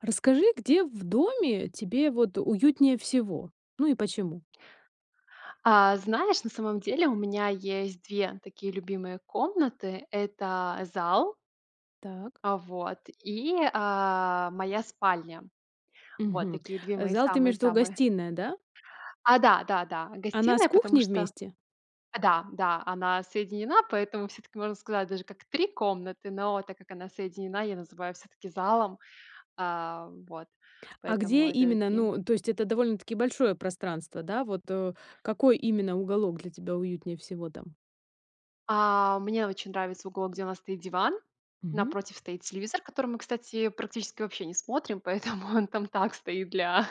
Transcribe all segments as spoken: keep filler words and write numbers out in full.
А расскажи, где в доме тебе, вот, уютнее всего. Ну и почему? А, знаешь, на самом деле у меня есть две такие любимые комнаты. Это зал. Так. А вот. И, а, моя спальня. Вот Мгм. такие две Э, мои зал- ты имеешь в виду самые-самые. гостиная, да? А, да, да, да, Она с гостиная, потому кухней что вместе? а, да, да, она соединена, поэтому всё-таки, можно сказать, даже Мгм. как три комнаты, но так как она соединена, я называю всё-таки залом, а, вот. А Поэтому где это именно, такие. ну то есть это довольно-таки большое пространство, да? Вот, э, какой именно уголок для тебя уютнее всего там? А, мне очень нравится уголок, где у нас стоит диван. Мгм. Напротив стоит телевизор, который мы, кстати, практически вообще не смотрим, поэтому он там так стоит для,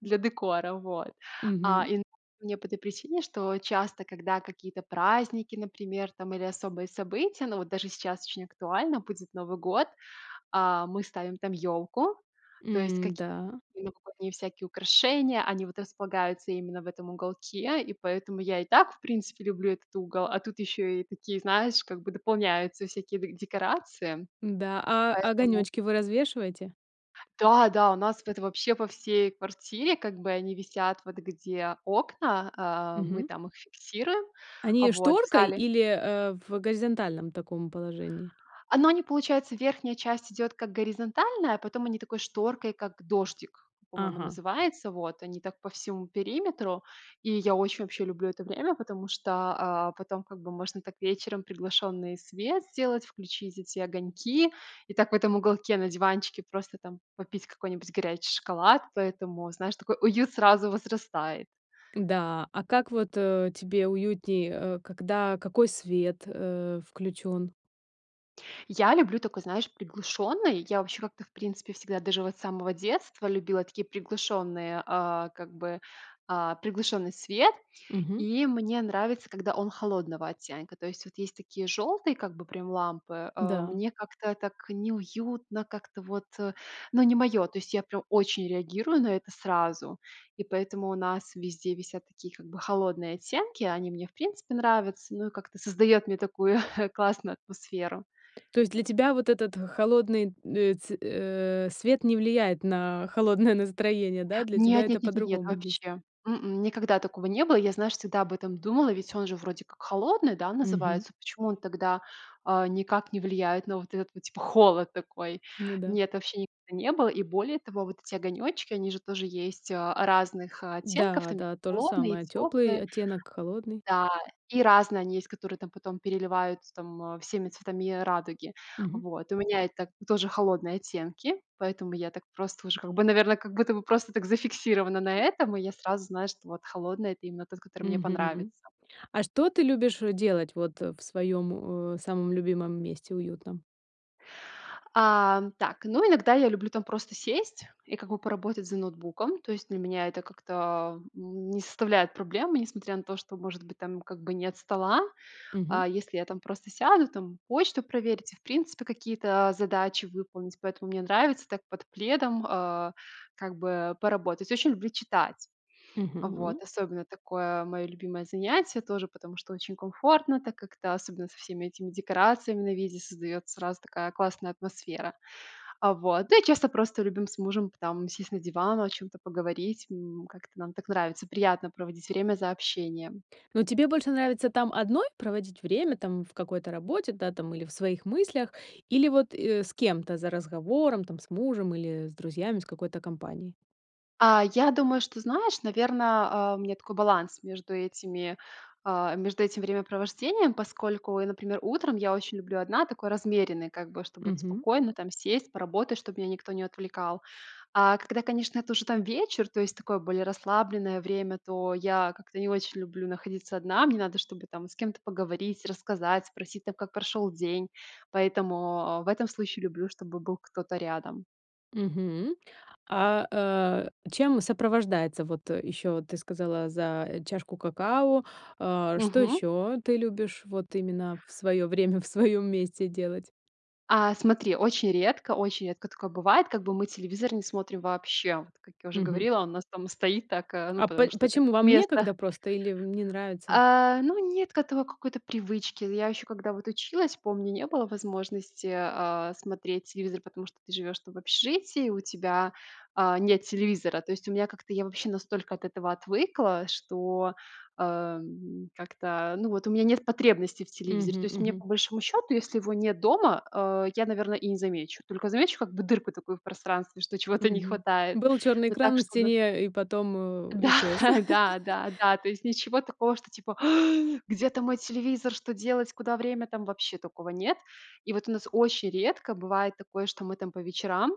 для декора, вот. А, Мгм. и мне по этой причине, что часто, когда какие-то праздники, например, там или особые события, но вот даже сейчас очень актуально, будет Новый год. А, мы ставим там ёлку, то есть М, какие-то да. новогодние всякие украшения. Они вот располагаются именно в этом уголке, и поэтому я и так, в принципе, люблю этот угол. А тут ещё и такие, знаешь, как бы дополняются всякие де декорации. Да, а Поэтому огонёчки вы развешиваете? М. да-да, у нас вот вообще по всей квартире, как бы, они висят, вот где окна. А, мы Мгм. там их фиксируем. А Они, э, вот, в шторкой зале. или, э, в горизонтальном таком положении? А, ну они получается верхняя часть идёт, как горизонтальная, а потом они такой шторкой, как дождик, он по-моему, Ага. называется, вот. Они так по всему периметру. И я очень, вообще, люблю это время, потому что, а, потом, как бы, можно так вечером приглушённый свет сделать, включить эти огоньки и так в этом уголке на диванчике просто там попить какой-нибудь горячий шоколад. Поэтому, знаешь, такой уют сразу возрастает. Да, а как вот, э, тебе уютней, э, когда какой свет, э, включён? Я люблю такой, знаешь, приглушенный. Я, вообще, как-то, в принципе, всегда, даже вот с самого детства, любила такие приглушенные а, как бы, а, приглушенный свет. Мгм. И мне нравится, когда он холодного оттенка. То есть, вот есть такие жёлтые, как бы, прям, лампы. Э, Да. мне как-то так неуютно, как-то вот ну, не моё. То есть, я прям очень реагирую на это сразу, и поэтому у нас везде висят такие как бы холодные оттенки. Они мне в принципе нравятся, ну, и как-то создает мне такую классную атмосферу. То есть, для тебя вот этот холодный н ц э, свет не влияет на холодное настроение, да? Для тебя Нет это нет нет нет нет, по-другому дейст вообще. М-м, никогда такого не было. Я знаешь всегда об этом думала, ведь он же вроде как холодный, да, Мгм. называется. Почему он тогда, а, никак не влияет на вот этот вот, типа холод такой? Ну да. Нет, вообще никогда не было. И более того, вот эти огонечки они же тоже есть, а, разных, э, оттенков. Да, Там да тоже холодные, и самое, тёплый теплые оттенок холодный. да, и разные они есть, которые там потом переливаются, там всеми цветами радуги. Мгм. Вот, у меня это тоже холодные оттенки, поэтому я так просто уже как бы, наверно, как будто бы просто так зафиксирована на этом, и я сразу знаю что, вот, холодный- это именно тот который мне Мгм. понравится. А что ты любишь, э, делать, вот в своем, э, самом любимом месте уютном? А, так, ну, иногда я люблю там, просто сесть и как бы поработать за ноутбуком. То есть, для меня это как-то, а, н не составляет проблемы, несмотря на то, что может быть там как бы нет стола. Мгм. А, если я там просто сяду, там почту проверить и, в принципе, какие-то задачи выполнить, поэтому мне нравится так под пледом, а, как бы, поработать. Очень люблю читать. Мгм. Вот. Особенно такое мое любимое занятие тоже, потому что очень комфортно, так как-то особенно со всеми этими декорациями на виде создается сразу такая классная атмосфера. А, вот. Да, и часто просто, любим с мужем, там сесть на диван, о чём-то поговорить. М, как-то нам так нравится. Приятно проводить время за общением. Ну тебе больше нравится там одной проводить время, там в какой-то работе, да, там, или в своих мыслях, или, вот, э, с кем-то за разговором, там с мужем или с друзьями с какой-то компанией? А, я думаю, что, знаешь, наверно, а, у меня такой баланс между этими, а, между этим времяпровождением, поскольку я, например, утром я очень люблю одна, такой размеренной, как бы, чтобы вот Мгм. спокойно, там, сесть, поработать, чтоб меня никто не отвлекал. А когда, конечно, это уже там вечер, то есть такое более расслабленное время, то я как-то не очень люблю находиться одна, мне надо, чтобы, там, с кем-то поговорить, рассказать, спросить, там, как прошёл день. Поэтому, а, в этом случае люблю, чтобы был кто-то рядом. Мгм. А, э, чем сопровождается вот, э, ещё вот ты сказала за чашку какао, э, что Мгм. ещё ты любишь вот именно в своё время, в своём месте делать? А, смотри, очень редко, очень редко такое бывает, как бы мы телевизор не смотрим вообще. Вот как я уже Мгм. говорила, у нас там стоит так, а, ну А по потому что это как почему, вам место некогда просто или вам не нравится? А, ну нет к этому какой-то привычки. Я еще когда вот училась, помню, не было возможности, э, смотреть телевизор, потому что ты живёшь, там, в общежитии, у тебя, а, нет телевизора. То есть у меня как-то я вообще настолько от этого отвыкла, что, э, м, как-то, ну вот, у меня нет потребности в телевизоре. То Мгм, есть мне, мгм. по большому счету, если его нет дома, э, я, наверно, и не замечу. Только замечу как бы дырку такую в пространстве, что чего-то не Мгм. хватает. Был чёрный Ну экран так, на чтобы стене, э, и потом, э, исчез. Да, да, да, да. То есть ничего такого, что типа: "Ах, где-то мой телевизор? Что делать, куда время?"- там вообще такого нет. И вот у нас очень редко бывает такое, что мы, там, по вечерам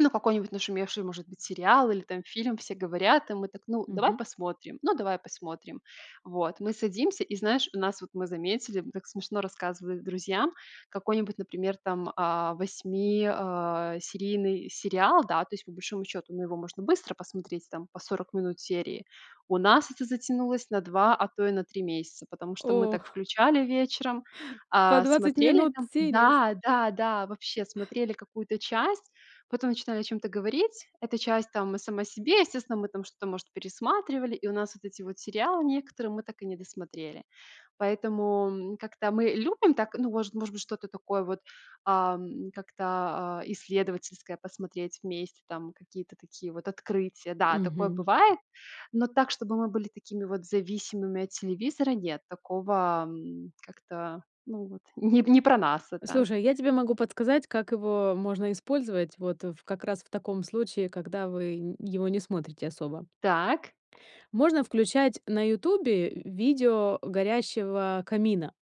Ну какой-нибудь нашумевший, может быть, сериал или, там, фильм, все говорят, и мы так: "Ну, давай Мгм. посмотрим?" "Ну давай посмотрим". Вот. Мы садимся и, знаешь, у нас вот мы заметили, м, так смешно рассказывали друзьям, какой-нибудь, например, там, а, восьми, а, серийный сериал, да, то есть, по большому счету, ну его можно быстро посмотреть, там, по сорок минут серии. У нас это затянулось на два, а то и на три месяца, потому что мы Ох. так включали вечером, По а, 20 смотрели минут там серии, с. Да, да, да. Вообще смотрели какую-то часть, потом начинали о чём-то говорить. Эта часть там и сама себе. Естественно, мы там что-то, может, пересматривали, и у нас вот эти вот сериалы некоторые мы так и не досмотрели. Поэтому, м, как-то мы любим так, ну, может может, что-то такое вот, а, м, как-то, а, исследовательское посмотреть вместе, там какие-то такие вот открытия. Да, такое Мгм. бывает, но так, чтобы мы были такими вот зависимыми от телевизора, нет, такого, м, как-то ну, вот не не про нас это. Слушай, я тебе могу подсказать, как его можно использовать, вот, ф как раз в таком случае, когда вы н его не смотрите особо. Так. Можно включать на "Ютубе" в видео горящего камина.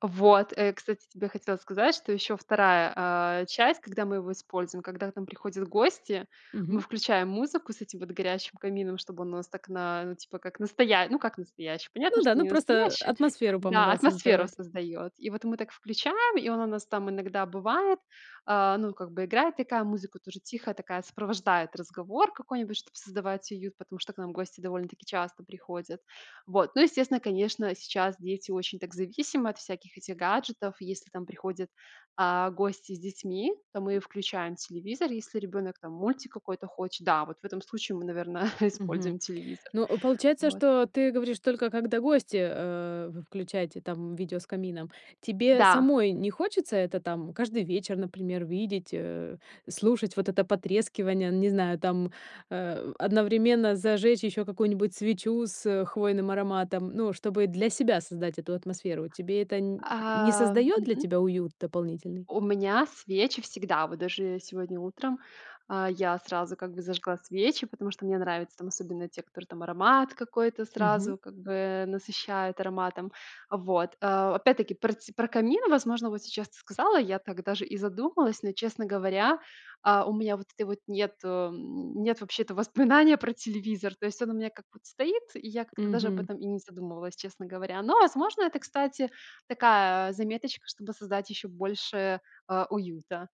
Вот, э, кстати, хотела тебе сказать, что еще вторая, а, часть, когда мы его используем, когда к нам приходят гости, мы Мгм. включаем музыку с этим вот горящим камином, чтобы он у нас так на типа как настоя ну, как настоящий, понятно, Ну да, что ну не просто, э, настоящий. атмосферу Да, помогал атмосферу создавать. создает. И вот мы так включаем, и он у нас там иногда бывает А, ну, как бы играет такая музыка тоже тихая такая, сопровождает разговор какой-нибудь, чтобы создавать уют. Потому что к нам гости довольно-таки часто приходят. Вот, ну, естественно, конечно, сейчас дети очень так зависимы от всяких этих гаджетов. Если там приходят, а, гости с детьми, то мы включаем телевизор, если ребенок там мультик какой-то хочет, да, вот в этом случае мы, наверное, используем Мгм. телевизор. Ну, получается, Вот. что ты говоришь только когда гости, э, включаете там видео с камином. Тебе Да. самой не хочется это там каждый вечер, например, видеть, э, слушать вот это потрескивание, не знаю, там, э, одновременно зажечь ещё какую-нибудь свечу с хвойным ароматом. Ну, чтобы для себя создать эту атмосферу. Тебе это н не А создаёт для мгм. тебя уют дополнительный? У меня свечи всегда, вот даже, э, сегодня утром, а, я сразу как бы зажгла свечи, потому что мне нравятся там особенно те, которые там аромат какой-то Мгм. сразу как бы, э, насыщает ароматом. Вот, а, опять-таки про тсь про камин, возможно, вот сейчас ты сказала. Я так даже и задумалась, но, честно говоря, а, у меня вот этой вот нету, м, нет вообще-то воспоминания про телевизор. То есть он у меня как будто стоит, и я как-то даже об Мгм. этом и не задумывалась, честно говоря. Но, возможно, это, кстати, такая, а, заметочка, чтобы создать еще больше, а, уюта.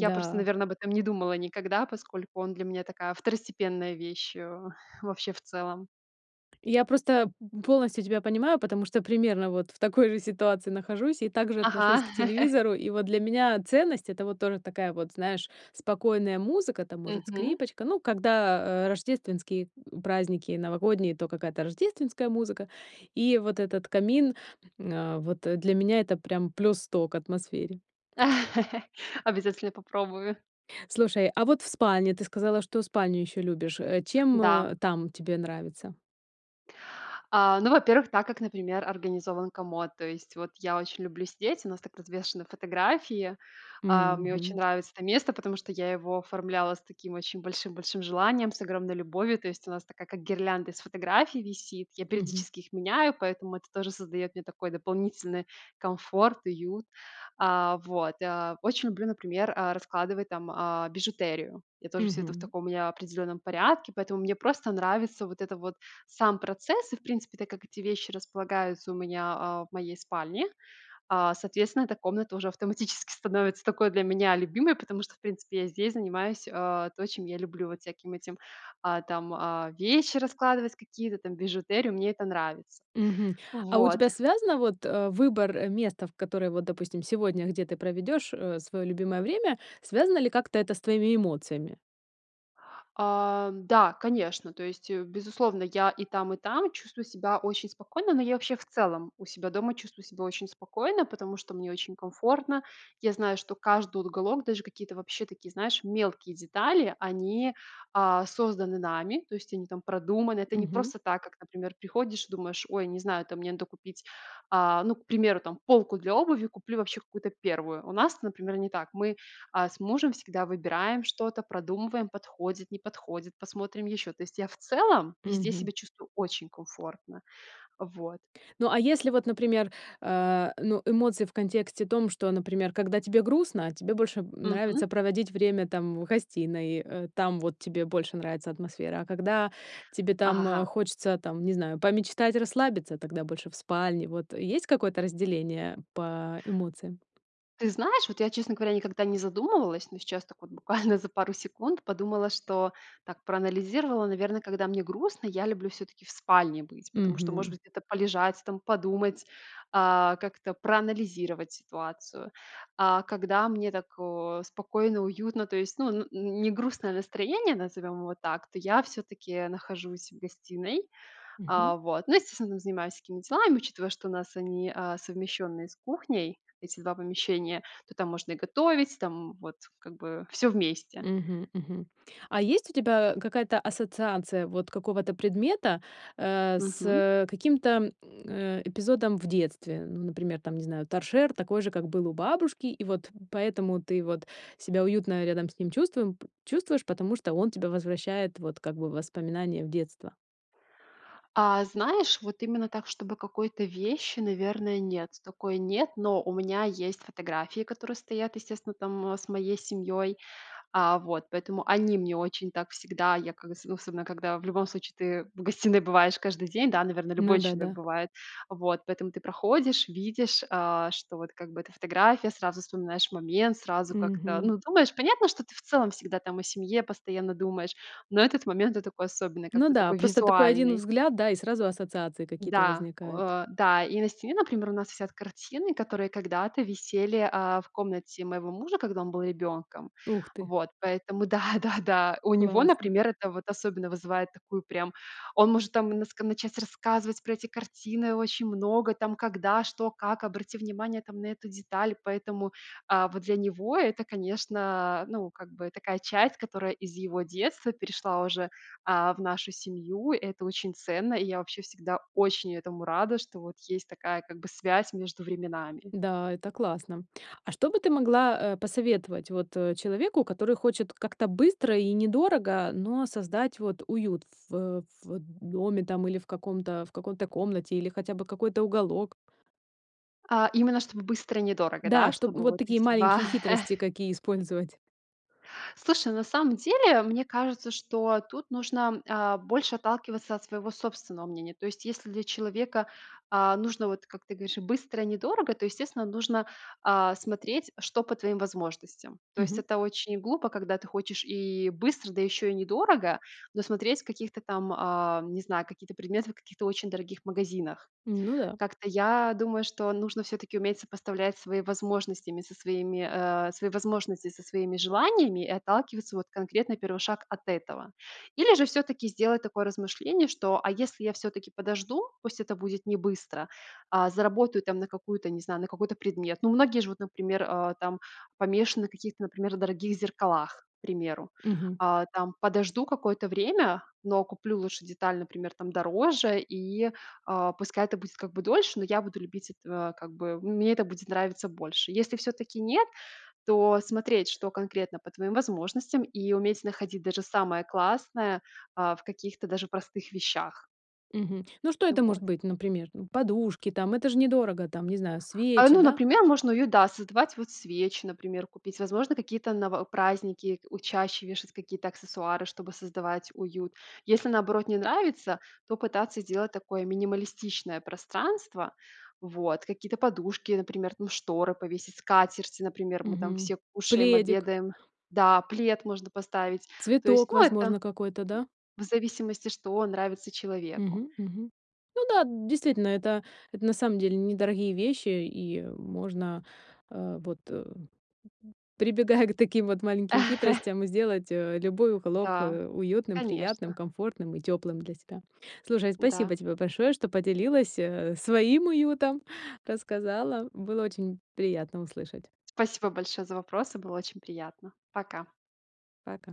Я просто, наверное, об этом не думала никогда, поскольку он для меня такая второстепенная вещь, э, вообще в целом. Я просто, п полностью тебя понимаю. Потому что примерно вот в такой же ситуации нахожусь и также Ага. отношусь к телевизору. И вот для меня ценность- это вот тоже такая вот, знаешь, спокойная музыка, там может Мгм. скрипочка. Ну, когда, э, рождественские праздники и новогодние, то какая-то рождественская музыка. И вот этот камин, а, вот для меня это прям плюс сто к атмосфере. Обязательно попробую. Слушай, а вот в спальне, ты сказала, что спальню ещё любишь. Э, чем, Да. э, там тебе нравится? А, ну во-первых, так, как, например, организован комод. То есть вот, я очень люблю сидеть, у нас так развешаны фотографии. А, мне очень Мгм. нравится это место, потому что я его оформляла с таким очень большим большим желанием, с огромной любовью. То есть у нас такая как гирлянда из фотографий висит. Я Мгм. периодически их меняю, поэтому это тоже создает мне такой дополнительный комфорт, уют. А, вот. А, очень люблю, например, а, раскладывать там, а, бижутерию. Я тоже всё это в Мгм. таком у меня определенном порядке, поэтому мне просто нравится вот это вот сам процесс. И в принципе, так как эти вещи располагаются у меня, а, в моей спальне, а, соответственно эта комната уже автоматически становится такой для меня любимой. Потому что в принципе я здесь занимаюсь, а, то чем я люблю. Вот всяким этим, а, там, а, вещи раскладывать какие-то там, бижутерию- мне это нравится. Мгм. А у Вот. тебя связано вот, э, выбор, э, места, в которой вот, допустим, сегодня, где ты проведёшь, э, своё любимое время, связано ли как-то это с твоими эмоциями? А, да, конечно, то есть, э, безусловно, я и там, и там чувствую себя очень спокойно, но я вообще в целом у себя дома чувствую себя очень спокойно, потому что мне очень комфортно. Я знаю, что каждый уголок, даже какие-то вообще такие, знаешь, мелкие детали, они, а, созданы нами, то есть они там продуманы. Это не Мгм. просто так, как, например, приходишь и думаешь: "Ой, не знаю там, мне надо купить, э, ну, к примеру, там, полку для обуви, куплю вообще какую-то первую". У нас это, например, не так. Мы, э, с мужем всегда выбираем что-то, продумываем: подходит, не подходит, посмотрим еще. То есть я в целом везде Мгм. себя чувствую очень комфортно. Вот. Ну, а если вот, например, э, ну, эмоции в контексте том, что, например, когда тебе грустно, тебе больше, м, Мгм. нравится проводить время там, в гостиной, э, там вот тебе больше нравится атмосфера, а когда тебе там Ага. хочется, там не знаю, помечтать, расслабиться, тогда больше в спальне. Вот есть какое-то разделение по эмоциям? Ты знаешь, вот я, честно говоря, никогда не задумывалась, но сейчас так буквально за пару секунд подумала, что так проанализировала, наверно, когда мне грустно, я люблю всё-таки в спальне быть, потому что, может Мгм. быть, это полежать, там подумать, э, как-то проанализировать ситуацию. А когда мне так, э, спокойно, уютно, то есть, ну, н не грустное настроение, назовем его так, то я всё-таки нахожусь в гостиной. Мгм. Э, вот. Но, естественно, там занимаюсь всякими делами, учитывая, что у нас они, э, совмещенные с кухней, эти два помещения, то там можно и готовить, там вот как бы всё вместе. Мгм, мгм. А есть у тебя какая-то ассоциация вот какого-то предмета, э, Мгм. с каким-то, э, эпизодом в детстве? Ну, например, там, не знаю, там, торшер такой же, как был у бабушки, и вот поэтому ты вот себя уютно рядом с ним чувствуем, п чувствуешь, потому что он тебя возвращает вот как бы в воспоминания в детство. А, знаешь, вот именно так, чтобы какой-то вещи, наверное, нет. Такой нет, но у меня есть фотографии, которые стоят, естественно, там с моей семьей. А вот, поэтому они мне очень так всегда, я как з особенно когда в любом случае ты в гостиной бываешь каждый день, да, наверно, Ну любой да, человек да. бывает, вот. Поэтому ты проходишь, видишь, э, что вот как бы это фотография, сразу вспоминаешь момент, сразу как-то, Мгм. ну, думаешь понятно, что ты в целом всегда там о семье постоянно думаешь, но этот момент- это такой особенный, Ну как-то да, такой просто такой один визуальный. взгляд, да и сразу ассоциации какие-то Да, возникают. о э, да. И на стене, например, у нас висят картины, которые когда-то висели, э, в комнате моего мужа, когда он был ребенком. Ух ты! Вот, поэтому да, да, да. У него, Классно! например, это вот особенно вызывает такую прям Он может там наск начать рассказывать про эти картины очень много, там когда, что, как, обрати внимание там на эту деталь. Поэтому, э, вот для него это, конечно, ну как бы такая часть, которая из его детства перешла уже, э, в нашу семью. Это очень ценно, и я вообще всегда очень этому рада, что вот есть такая как бы связь между временами. Да, это классно. А что бы ты могла, э, посоветовать вот человеку, который хочет как-то быстро и недорого, но создать вот уют в в доме там или в каком-то, э, какой-то комнате, или хотя бы какой-то уголок? А именно чтобы быстро и недорого, Да, да? чтоб Чтобы вот вот такие эти два маленькие хитрости, какие использовать. Слушай, на самом деле, мне кажется, что тут нужно, а, больше отталкиваться от своего собственного мнения. То есть, если для человека, а, нужно, вот как ты говоришь, быстро и недорого, то, естественно, нужно, а, смотреть, что по твоим возможностям. То есть Мгм. это очень глупо, когда ты хочешь и быстро, да еще и недорого, но смотреть каких-то там, ам, не знаю, какие-то предметы в каких-то очень дорогих магазинах. Ну да. Как-то я думаю, что нужно всё-таки уметь сопоставлять свои возможностями со своими э, свои возможности со своими желаниями и отталкиваться вот конкретно, первый шаг, от этого. Или же всё-таки сделать такое размышление, что, а если я всё-таки подожду, пусть это будет не быстро, а заработаю там на какую-то, не знаю, на какой-то предмет. Ну, многие же вот, а, там, например, помешаны в каких-то, например, дорогих зеркалах, к примеру. Мгм. А, там подожду какое-то время, но куплю лучше деталь, например, там дороже, и, а, пускай это будет как бы дольше, но я буду любить, эт э, как бы мне это будет нравится больше. Если всё-таки нет, то смотреть, что конкретно по твоим возможностям, и уметь находить даже самое классное, а, в каких-то даже простых вещах. Мгм. Ну, что Ну, это может вот. быть, например? Ну, подушки там, это же недорого там, не знаю, А, свечи, ну, да. например, можно уют, да, создавать, вот свечи, например, купить, возможно, какие-то ново праздники у чаще вешать какие-то аксессуары, чтобы создавать уют. Если, наоборот, не нравится, то пытаться сделать такое минималистичное пространство, вот. Какие-то подушки, например, ну, шторы повесить, скатерти, например, мы там Мгм. все кушаем, Пледик. обедаем. Да, плед можно поставить. То есть, Цветок, ну, это, возможно, какой-то, да? в зависимости, что нравится человеку. Мгм. Мгм. Ну да, действительно, это это на самом деле недорогие вещи, и можно, э, вот, прибегая к таким вот маленьким хитростям, сделать, э, любой уголок, Да, э, уютным, приятным, конечно! комфортным и тёплым для себя. Слушай, спасибо Да. тебе большое, что поделилась, э, своим уютом, рассказала, было очень приятно услышать! Спасибо большое за вопросы, было очень приятно! Пока. Пока.